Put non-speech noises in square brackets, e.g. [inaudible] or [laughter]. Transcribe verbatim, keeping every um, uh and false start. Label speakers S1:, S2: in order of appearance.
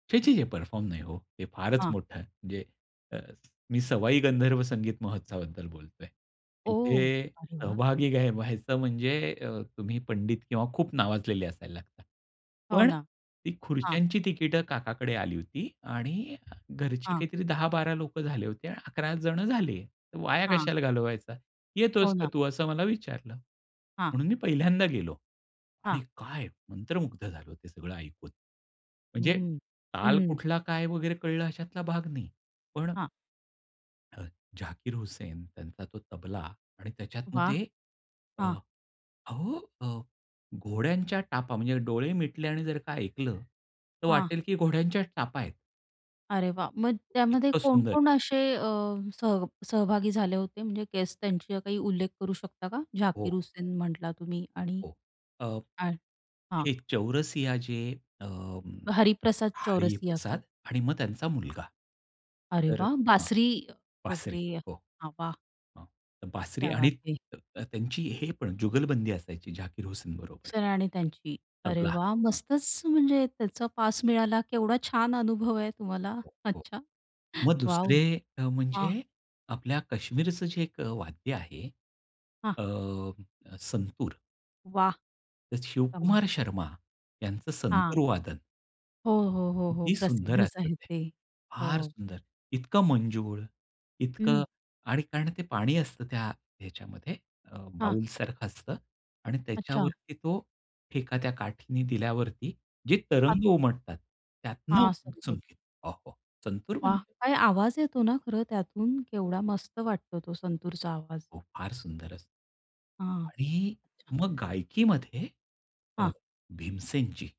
S1: छे! छे! परफॉर्म नाही हो ते फारच
S2: हां.
S1: मोठं आहे म्हणजे अ, मी सवाई गंधर्व संगीत महोत्सवाबद्दल बोलतोय.
S2: ओह.
S1: तिथे
S2: अरे वाह!
S1: सहभागी घ्या व्हायचं म्हणजे अ, तुम्ही पंडित किंवा खूप नावाजलेले असायला लागतात.
S2: हो
S1: पण
S2: ना,
S1: ती
S2: हां.
S1: खुर्च्यांची तिकीटं काकाकडे आली होती आणि घरची
S2: हां.
S1: काहीतरी दहा बारा लोकं झाले होते आणि अकरा जण झाले तर वाया
S2: हां.
S1: कशाला घालवायचा येतोस
S2: हो
S1: का
S2: ना.
S1: तू? असं मला विचारलं.
S2: हां.
S1: म्हणून मी पहिल्यांदा गेलो आणि
S2: हां.
S1: काय मंत्रमुग्ध झालो ते सगळं ऐकून. म्हणजे
S2: हं,
S1: ताल
S2: हं.
S1: कुठला काय वगैरे कळलं अशातला भाग नाही. पण
S2: हां.
S1: हं, झाकीर हुसेन त्यांचा तो तबला आणि त्याच्यात मग
S2: वाह!
S1: ते अ,
S2: हां.
S1: अहो घोड्यांच्या टापा म्हणजे डोळे मिटले आणि जर का ऐकलं तर
S2: हां.
S1: वाटेल की घोड्यांच्या टापा आहेत.
S2: अरे वाह! मग त्यामध्ये
S1: इतकं
S2: कोण
S1: सुंदर.
S2: कोण असे अ, सह सहभागी झाले होते म्हणजे गेस्ट त्यांची काही उल्लेख करू शकता का?
S1: हो.
S2: झाकीर हुसेन म्हटला तुम्ही आणि
S1: हो अ,
S2: [unintelligible] हां.
S1: हे चौरसिया जे अ,
S2: हरिप्रसाद चौरसिया का?
S1: हरिप्रसाद आणि मग त्यांचा मुलगा.
S2: अरे
S1: तर
S2: वाह!
S1: हां,
S2: बासरी
S1: बासरी
S2: वगैरे,
S1: हो.
S2: हवा.
S1: अ, बासरी
S2: क्या
S1: आणि
S2: बात है.
S1: त्यांची हे पण जुगलबंदी असायची झाकीर हुसेन बरोबर.
S2: सर आणि त्यांची. अरे,
S1: तबला.
S2: वाह!
S1: हां.
S2: मस्तच म्हणजे त्याचा पास मिळाला. केवढा छान अनुभव आहे तुम्हाला.
S1: हो, हो.
S2: अच्छा,
S1: मग
S2: वॉव!
S1: दुसरे अ,
S2: हां.
S1: म्हणजे आपल्या कश्मीरचं जे एक वाद्य आहे.
S2: हां.
S1: अ, संतूर
S2: वाह!
S1: तर
S2: कमाल.
S1: शिवकुमार शर्मा यांचं
S2: हां.
S1: संतूर वादन
S2: हो, हो, हो, हो,
S1: किती सुंदर
S2: प्रसिद्धच
S1: असतं
S2: आहे
S1: ते
S2: ते.
S1: फार
S2: हो
S1: सुंदर इतकं मंजूळ इतकं
S2: हं.
S1: आणि कारण ते पाणी असतं त्या ह्याच्यामध्ये अ,
S2: हां.
S1: बाऊलसारखं असतं आणि
S2: अच्छा.
S1: त्याच्यावरती तो ठेका त्या काठीने दिल्यावरती जे तरंग उमटतात त्यातून
S2: हां, संतूर.
S1: संगीत वाह! वाह! संतूर
S2: वाह!
S1: म्हणजे
S2: काय आवाज येतो ना खरं त्यातून. केवढा मस्त वाटतो तो संतूरचा आवाज.
S1: हो फार सुंदर असत.
S2: हां.
S1: आणि
S2: अच्छा.
S1: मग गायकीमध्ये अ,
S2: हां.
S1: भीमसेनची